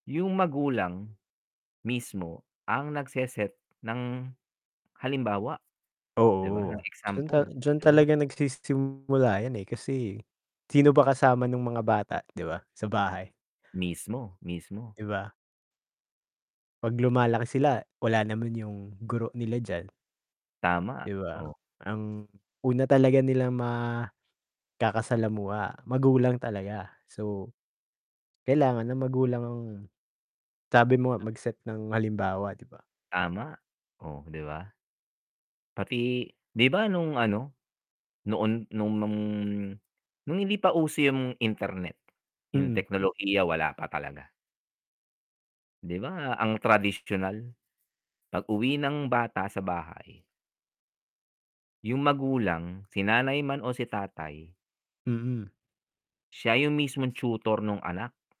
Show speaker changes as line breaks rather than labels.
Yung magulang mismo ang nagse-set ng halimbawa. Di ba, ng
Oo, dun
example,
dyan
do'n na
talaga nagsisimula yan, eh, kasi sino ba kasama nung mga
Tab
bata di ba, sa bahay?
Mismo, mismo.
Di ba? 'Pag lumalaki sila wala naman yung guro nila diyan,
Tama,
di ba?
oh.
Ang una talaga nilang makakasalamuha magulang talaga so, kailangan ng magulang ang sabi mo nga
Sabi
mag-set ng halimbawa, di ba?
Tama, oh, di ba? Pati, di ba nung ano, noon nung nung nung hindi pa uso yung internet, yung
Mm.
teknolohiya wala pa talaga. Di ba ang tradisyonal, 'pag-uwi ng bata sa bahay yung magulang, si nanay man o si tatay
Mm.
siya yung mismong tutor nung anak.